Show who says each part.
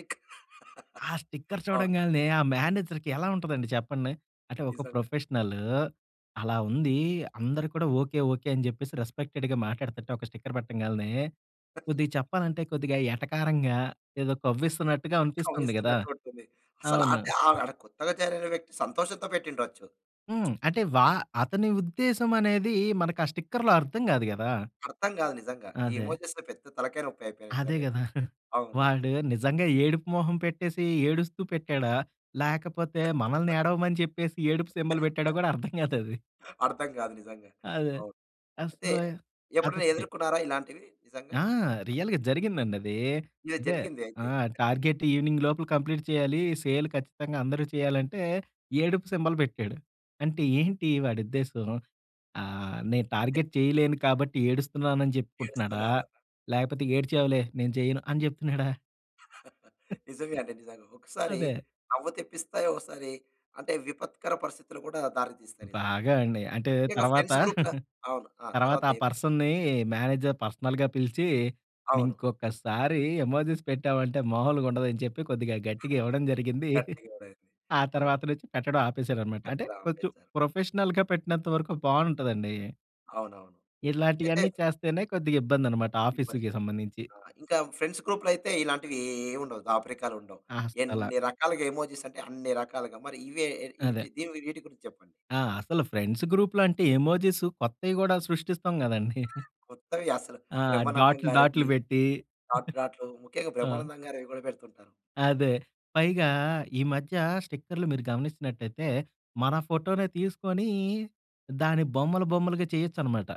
Speaker 1: ఇంకా
Speaker 2: ఆ స్టిక్కర్
Speaker 1: అవును.
Speaker 2: చూడంగాల్నే, ఆ మేనేజర్‌కి ఎలా ఉంటదండి చెప్పండి? అంటే ఒక
Speaker 1: నిజంగా.
Speaker 2: ప్రొఫెషనలూ అలా ఉందీ, అందరూ కూడా ఓకే, ఓకే, అని చెప్పేసి రెస్పెక్టెడ్‌గా మాట్టాడతంటే, ఒక స్టిక్కర్ బెట్టంగాల్నే, కొద్దిగ చెప్పాలంటే, కొద్దిగా ఎటకారంగా, ఏదో కవ్విస్తున్నట్టుగా అనిపిస్తుంది గదా!
Speaker 1: కవ్విస్తున్నట్టుంటుంది.
Speaker 2: అవును.
Speaker 1: అసలాంటే ఆహ్, అంటే కొత్తగా జాయినయిన వ్యక్తి, సంతోషంతో బెట్టిండొచ్చు.
Speaker 2: హ్మ్. అంటే వా
Speaker 1: అంటే
Speaker 2: అతని ఉద్దేశమనేదీ, మనకా స్టిక్కర్‌లో అర్థం గాదు గదా!
Speaker 1: అర్థం గాదు నిజంగా! ఈ
Speaker 2: అదే.
Speaker 1: ఎమోజిస్‌తో పెద్ద తలకాయ నొప్పయిపోయినియి
Speaker 2: అదే
Speaker 1: నిజంగా
Speaker 2: గదా!
Speaker 1: ఇప్పుడు. అవును.
Speaker 2: వాడు, నిజంగా ఏడుపు మొహం పెట్టేసీ, ఏడుస్తూ పెట్టాడా? లేకపోతే మనల్నేడవమని చెప్పేసి, ఏడుపు సింబాల్ బెట్టాడో గూడా అర్థం గాదది.
Speaker 1: అర్థం గాదు నిజంగా!
Speaker 2: అదే.
Speaker 1: అవును. ఐతే,
Speaker 2: అస్సలా
Speaker 1: ఎప్పుడైనా
Speaker 2: అదొకటి.
Speaker 1: ఎదుర్కున్నారా ఇలాంటివి నిజంగా?
Speaker 2: ఆ! రియల్‌గా జరిగిందండదీ.
Speaker 1: ఏదో
Speaker 2: అదే,
Speaker 1: జరిగింది
Speaker 2: ఆ!
Speaker 1: అయితే.
Speaker 2: టార్గెట్ ఈవినింగ్ లోపుల కంప్లీట్ చేయాలీ, సేల్ ఖచ్చితంగా అందరూ చేయాలంటే, ఏడుపు సింబాల్ బెట్టాడు. అంటే ఏంటి వాడుద్దేశం? ఆహ్, నేను టార్గెట్ చేయలేను కాబట్టి ఏడుస్తున్నానని చెప్పుకుంటున్నాడా?
Speaker 1: ఏడుస్తున్నాననా?
Speaker 2: లేకపోతే ఏడ్చావులే, నేను చేయను అని చెప్తున్నాడా?
Speaker 1: నిజంగా అండి. నిజంగా. ఒకసారి
Speaker 2: అదే.
Speaker 1: నవ్వు తెప్పిస్తాయి. ఒకసారి అంటే, విపత్కర పరిస్థితులు కూడా దారి తీస్తాయి నిజంగా.
Speaker 2: బాగా అండి. అంటే,
Speaker 1: ముఖ్యంగా
Speaker 2: తర్వాతా
Speaker 1: ఫ్రెండ్స్ గ్రూప్ న అవును. ఆ!
Speaker 2: తర్వాతా
Speaker 1: తరువాతేమైంది?
Speaker 2: పర్సన్‌నీ మేనేజర్ పర్సనల్‌గా పిలిచీ
Speaker 1: అవును.
Speaker 2: ఇంకొక్కసారీ ఎమోజీస్ పెట్టావంటే, మాములుగుండదని చెప్పి, కొద్దిగా గట్టిగా ఇవ్వడం జరిగిందీ.
Speaker 1: గట్టిగానే అయింది.
Speaker 2: ఆ
Speaker 1: అవును.
Speaker 2: తర్వాత నుంచి పెట్టడం ఆపేశాడనమాట. అంటే,
Speaker 1: పెట్టడం
Speaker 2: కొంచెం
Speaker 1: ఆపేసారు.
Speaker 2: ప్రొఫెషనల్‌గా పెట్టినంత వరకు బావుంటదండీ.
Speaker 1: అవునవును. అయితే
Speaker 2: ఇలాంటియన్ని చేస్తేనే, కొద్దిగిబ్బందనమాట
Speaker 1: ఇబ్బంది.
Speaker 2: ఆఫీసుకి సంబంధించి.
Speaker 1: ఆ! ఇంకా ఫ్రెండ్స్ గ్రూప్‌లో అయితే ఇలాంటివేవుండవు, దాపరికాలుండవు.
Speaker 2: అస్సలా!
Speaker 1: ఎన్ని రకాలుగా ఎమోజిసంటే, అన్ని రకాలుగా. మరి ఇవే, ఏవి ఇవి
Speaker 2: అదే.
Speaker 1: చే దీనివి ఈటి గురించి చెప్పండి.
Speaker 2: ఆ! అసలు ఫ్రెండ్స్ గ్రూప్‌లో అంటే, ఎమోజీస్ కొత్తయి గూడా సృష్టిస్తాం గదండీ.
Speaker 1: కొత్తవి అసలు
Speaker 2: ఆ!
Speaker 1: 'బ్రహ్మానందం'
Speaker 2: డాట్లు డాట్లు
Speaker 1: గారివీ,
Speaker 2: బెట్టీ.
Speaker 1: డాట్ డాట్లు. ముఖ్యంగా,
Speaker 2: ఆ!
Speaker 1: బ్రహ్మానందం గారివి గూడా బెడుతుంటారు.
Speaker 2: అదే. పైగా, ఈ మధ్యా స్టిక్కర్లు మీరు గమనించినట్టయితే, మన ఫోటోనే తీసుకొనీ దాన్ని బొమ్మలు బొమ్మలుగా చేయొచ్చనమాట.